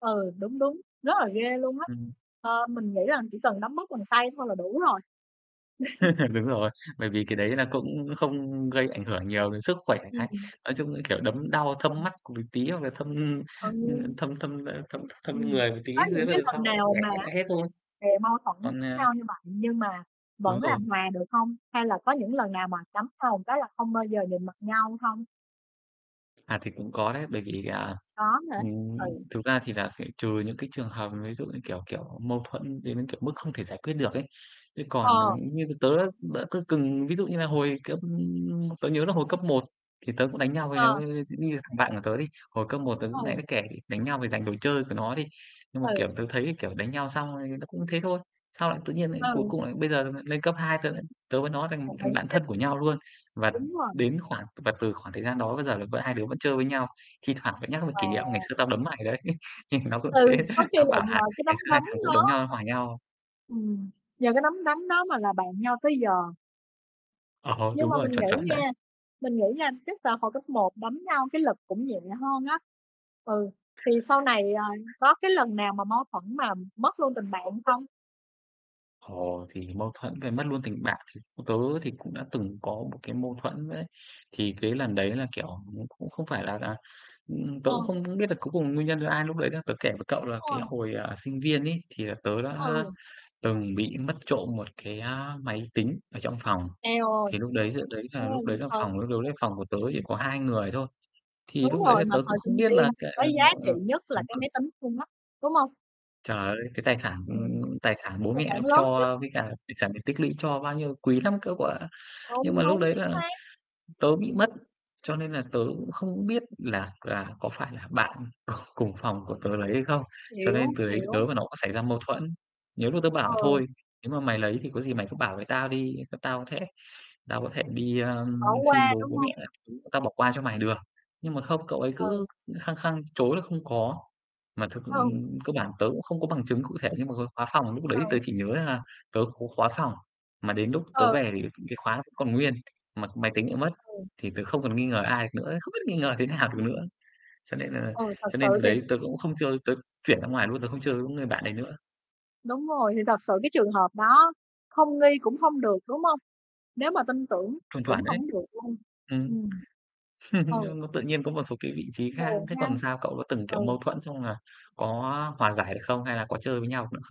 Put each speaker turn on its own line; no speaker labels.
Ừ, đúng, đúng, rất là ghê luôn á.
Ừm.
Ờ, mình nghĩ rằng chỉ cần đấm bóp bằng tay thôi là đủ rồi.
Đúng rồi, bởi vì cái đấy là cũng không gây ảnh hưởng nhiều đến sức khỏe. Cái
Ừm.
nói chung, ư, kiểu, đấm đau thâm
[unintelligible]
mắt c một tí, hoặc là thâm, ưm, ơ,
Ừ.
thâm thâm, ơ, thâm thâm
Ừm,
người một tí
có những
thế
cái
rồi sau
lần
nó
nào
khỏe
mà
hết
á
lại hết thôi.
về mâu thuẫn
Còn, à
[unintelligible] như [unintelligible] nhưng mà
Đúng
vẫn
rồi.
làm hòa được hông? Hay là có những lần nào mà cấm nhau một cái là không bao giờ nhìn mặt nhau hông?
À, thì cũng có đấy, bởi vì, à,
Có hả?
ừm,
Ừ.
thực ra thì là phải trừ những cái trường hợp ví dụ như, kiểu kiểu, mâu thuẫn đến, kiểu, mức không thể giải quyết được ấy. Thế còn là
Ờ.
như tớ, đỡ tớ từng ví dụ như là hồi cấp tớ nhớ là hồi cấp 1 thì tớ cũng đánh nhau với
Ờ.
nó, nghi là thằng bạn của tớ đi, hồi cấp 1 tớ cũng nãy
Ừ.
mới kể, đánh nhau vì dành đồ chơi của nó đi. Nhưng mà,
Ừ.
kiểu, tớ thấy, kiểu, đánh nhau xong, ờ, tớ cũng thế thôi. Sau lại tự nhiên lại cuối
Ừ.
cùng lại bây giờ là lên cấp 2 tớ lại tớ với nó thành
Đồng
thành
ý,
bạn thân của nhau luôn.
[unintelligible]
Và
đúng rồi.
đến khoảng và từ khoảng thời gian đó bây giờ là v hai đứa vẫn chơi với nhau. Thi thoảng lại nhắc về kỷ niệm "Ngày
Wow!
xưa tao đấm mày đấy." Thì nó cũng
Ừ,
thế,
có khi
nó
là
bảo
nhờ
là
cái nắm
"Ngày xưa hai
đấm
thằng cũng
đó.
đấm nhau hòa nhau."
Ừm, nhờ cái nắm đấm đó mà là bạn nhau tới giờ.
Ờ,
Nhưng
đúng
mà
rồi,
mình
chuẩn, chuẩn
nghĩ
đấy.
nha, mình nghĩ nha, chắc là hồi cấp 1 đánh nhau cái lực cũng nhẹ hơn á. Ừ, thì sau này, à, có cái lần nào mà mâu thuẫn mà mất luôn tình bạn không?
Ồ, thì mâu thuẫn về mất luôn tình bạn thì tớ thì cũng đã từng có một cái mâu thuẫn đấy. Thì cái lần đấy là, kiểu, nó cũng không phải là à, ừm, tớ
Ờ.
cũng không biết là cuối cùng nguyên nhân do ai lúc đấy nữa. Tớ kể với cậu là cái
Ôi.
hồi, à, sinh viên ấy thì là tớ đã
Ừ.
từng bị mất trộm một cái, a, máy tính ở trong phòng.
Eo ơi.
Thì lúc đấy giữa đấy là lúc đấy là
[unintelligible]
phòng lúc đấy phòng của tớ
Ừ.
chỉ
Ừm.
có 2 người thôi. Thì
Đúng
lúc đấy
rồi,
là
mà
tớ
thời
cũng không
sinh
biết là
viên thì
cà
có
ờ,
giá trị
ờ,
nhất là
đúng
cái
rồi.
máy tính luôn mắc, đúng hông?
Trời ơi, cái tài sản,
Ừm,
ưm, tài sản
cái
bố
tài
mẹ
sản lớn nhất.
cho với cả tài sản để tích lũy cho bao nhiêu, quý lắm cơ cậu ạ. Nhưng
Đúng,
mà lúc
đúng,
đấy
chính
là
xác.
tớ bị mất, cho nên là tớ cũng không biết là là có phải là bạn cùng cùng phòng của tớ lấy hay không? Cho
Hiểu,
nên từ đấy tớ
hiểu.
với nó cũng xảy ra mâu thuẫn. Nhiều lúc tớ
Ờ.
bảo: "Thôi, nếu mà mày lấy thì có gì mày cứ bảo với tao đi, t tao có thể tao có thể đi, ơ,
Ở
xin
qua,
bố
đúng
bố
hông?
mẹ các thứ, tao bỏ qua cho mày được." Nhưng mà không, cậu ấy
Ừ.
cứ khăng khăng chối là không có. Mà thực ừ,
Ừ.
cơ bản tớ cũng không có bằng chứng cụ thể, nhưng mà cái khóa phòng lúc đấy
Ừ.
tớ chỉ nhớ là tớ có khóa phòng, mà đến lúc tớ
Ừ.
về thì cái khóa vẫn còn nguyên, mà máy tính lại mất
Ừ.
thì tớ không còn nghi ngờ ai được nữa ấy, không biết nghi ngờ thế nào
Ưm,
được
ừm.
nữa. Cho nên nà
Ừ, thật
cho
sự
nên từ
thì
đấy tớ cũng không chơi, tớ chuyển ra ngoài luôn, tớ không chơi với người bạn đấy nữa.
Đúng rồi, thì thật sự cái trường hợp đó không nghi cũng hông được, đúng hông? Nếu mà tin tưởng
Chuẩn,
cũng
chuẩn đấy.
hổng được luôn.
Ừm,
Ừm. Ừ.
nhưng nó tự nhiên có một số cái vị
[unintelligible]
trí khác.
Buồn
Thế còn
hen?
sao, cậu có từng, kiểu,
Ừ.
mâu thuẫn xong là có hòa giải được không hay là có chơi với nhau được nữa không?